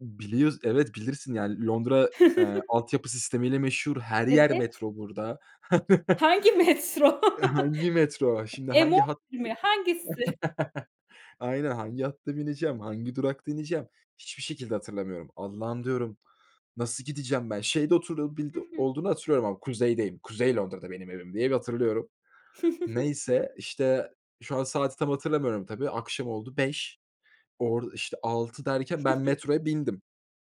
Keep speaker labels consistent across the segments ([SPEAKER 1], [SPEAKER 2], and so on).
[SPEAKER 1] Biliyoruz, evet bilirsin yani Londra, ııı, altyapı sistemiyle meşhur, her yer
[SPEAKER 2] Evet.
[SPEAKER 1] metro burada.
[SPEAKER 2] Hangi metro?
[SPEAKER 1] Hangi metro? Şimdi
[SPEAKER 2] M11
[SPEAKER 1] hangi hat
[SPEAKER 2] mi? Hangisi?
[SPEAKER 1] Aynen, hangi hatta bineceğim, hangi durakta ineceğim hiçbir şekilde hatırlamıyorum. "Allah'ım," diyorum, "nasıl gideceğim ben, şeyde
[SPEAKER 2] Hı
[SPEAKER 1] oturabildi
[SPEAKER 2] hı.
[SPEAKER 1] olduğunu hatırlıyorum ama Kuzey'deyim, Kuzey Londra'da benim evim," diye bir hatırlıyorum. Neyse, işte, şu an saati tam hatırlamıyorum, tabii akşam oldu 5. Orada, işte, 6 derken ben metroya bindim.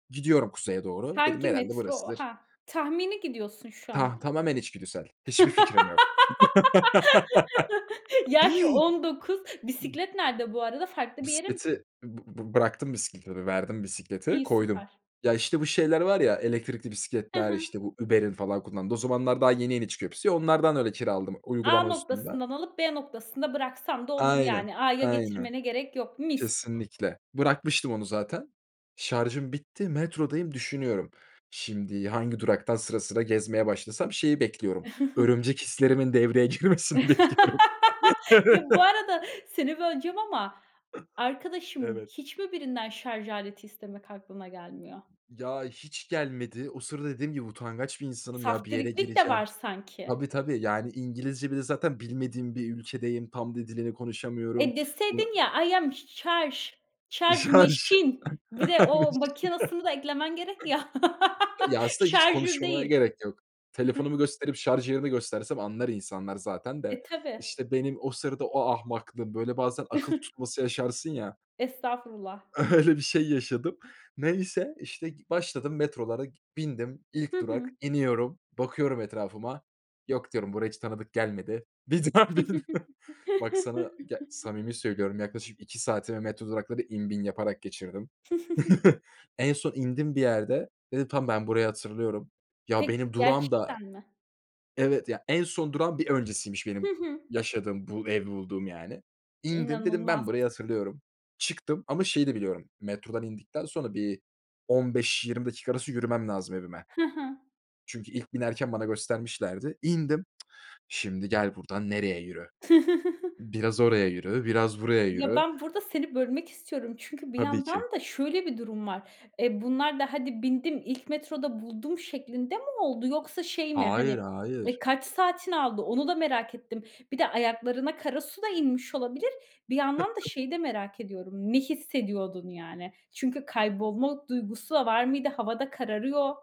[SPEAKER 1] "Gidiyorum Kuzey'e doğru," dedim,
[SPEAKER 2] Hangi
[SPEAKER 1] "herhâlde
[SPEAKER 2] metro?
[SPEAKER 1] burasıdır."
[SPEAKER 2] Ha, tahmini gidiyorsun şu
[SPEAKER 1] Tah
[SPEAKER 2] anda.
[SPEAKER 1] tamamen içgüdüsel hiçbir fikrim yok.
[SPEAKER 2] Yaş 19. Bisiklet nerede bu arada, farklı bir yere mi
[SPEAKER 1] Bisikleti bı bı bıraktım, bisikleti verdim, bisikleti
[SPEAKER 2] İyi,
[SPEAKER 1] koydum.
[SPEAKER 2] süper.
[SPEAKER 1] Ya, işte, bu şeyler var ya elektrikli
[SPEAKER 2] Hı
[SPEAKER 1] bisikletler,
[SPEAKER 2] hı.
[SPEAKER 1] işte, bu Uber'in falan kullandığı o zamanlar daha yeni yeni çıkıyor hepsi. Onlardan öyle kiraladım
[SPEAKER 2] A
[SPEAKER 1] uygulama üstünden.
[SPEAKER 2] noktasından alıp B noktasında bıraksam da olur
[SPEAKER 1] Aynen,
[SPEAKER 2] yani A'ya
[SPEAKER 1] aynen.
[SPEAKER 2] getirmene gerek yok, mis.
[SPEAKER 1] Kesinlikle. Bırakmıştım onu zaten. Şarjım bitti, metrodayım, düşünüyorum şimdi hangi duraktan sıra sıra gezmeye başlasam, şeyi bekliyorum, örümcek hislerimin devreye girmesini bekliyorum.
[SPEAKER 2] Ya
[SPEAKER 1] Evet.
[SPEAKER 2] bu
[SPEAKER 1] Evet
[SPEAKER 2] arada seni böleceğim ama arkadaşım
[SPEAKER 1] Evet.
[SPEAKER 2] hiç mi birinden şarj aleti istemek aklına gelmiyor?
[SPEAKER 1] Ya hiç gelmedi. O sırada dediğim gibi utangaç bir insanım, ya bir yere
[SPEAKER 2] Saftiriklik de
[SPEAKER 1] gireceğim
[SPEAKER 2] var sanki.
[SPEAKER 1] Tabii, tabii, yani İngilizce, bir de zaten bilmediğim bir ülkedeyim. Tam da dilini konuşamıyorum.
[SPEAKER 2] E,
[SPEAKER 1] Bu
[SPEAKER 2] deseydin ya I am charge, charge
[SPEAKER 1] Şarj.
[SPEAKER 2] machine. Bir de o
[SPEAKER 1] [unintelligible]
[SPEAKER 2] makinesini da eklemen gerek ya.
[SPEAKER 1] Ya aslında hiç
[SPEAKER 2] Charger
[SPEAKER 1] konuşmama
[SPEAKER 2] değil.
[SPEAKER 1] gerek yok.
[SPEAKER 2] Hıh.
[SPEAKER 1] Telefonumu gösterip, şarj yerini göstersem anlar insanlar zaten de.
[SPEAKER 2] E, tabii.
[SPEAKER 1] İşte benim o sırada o ahmaklığım. Böyle bazen akıl tutması yaşarsın ya.
[SPEAKER 2] Estağfurullah.
[SPEAKER 1] Öyle bir şey yaşadım. Neyse, işte, g başladım metrolara, k bindim.
[SPEAKER 2] Hı
[SPEAKER 1] İlk
[SPEAKER 2] hı.
[SPEAKER 1] durak iniyorum, bakıyorum etrafıma, "Yok," diyorum, "buraya hiç tanıdık gelmedi." Bir daha biniyorum. Bak, sana, ya samimi söylüyorum, yaklaşık 2 saatimi metro duraklarını in bin yaparak geçirdim. En son indim bir yerde, dedim, "Tamam, ben burayı hatırlıyorum." Ya
[SPEAKER 2] Peki,
[SPEAKER 1] benim durağım da
[SPEAKER 2] gerçekten mi?
[SPEAKER 1] Evet ya, en son durağın bir öncesiymiş,
[SPEAKER 2] Hı
[SPEAKER 1] benim
[SPEAKER 2] hı.
[SPEAKER 1] yaşadığım, bu evi bulduğum yani. İndim, dedim,
[SPEAKER 2] İnanılmaz.
[SPEAKER 1] "Ben burayı hatırlıyorum," çıktım ama şeyi de biliyorum, metrodan indikten sonra bir 15-20 dakika arası yürümem lazım evime.
[SPEAKER 2] Hı hı.
[SPEAKER 1] Çünkü ilk binerken bana göstermişlerdi. İndim. Şimdi gel buradan nereye yürü? Biraz oraya yürü, biraz buraya
[SPEAKER 2] Ya,
[SPEAKER 1] yürü.
[SPEAKER 2] ben burada seni bölmek istiyorum çünkü bir
[SPEAKER 1] Tabii
[SPEAKER 2] yandan
[SPEAKER 1] ki.
[SPEAKER 2] da şöyle bir durum var. Eee, bunlar da "Hadi bindim, ilk metroda buldum," şeklinde mi oldu? Yoksa şey mi,
[SPEAKER 1] Hayır,
[SPEAKER 2] hani, eee,
[SPEAKER 1] hayır.
[SPEAKER 2] kaç saatini aldı, onu da merak ettim. Bir de ayaklarına kara su da inmiş olabilir. Bir yandan da şeyi de merak ediyorum. Ne hissediyordun, yani? Çünkü kaybolma duygusu da var mıydı? Hava da kararıyor.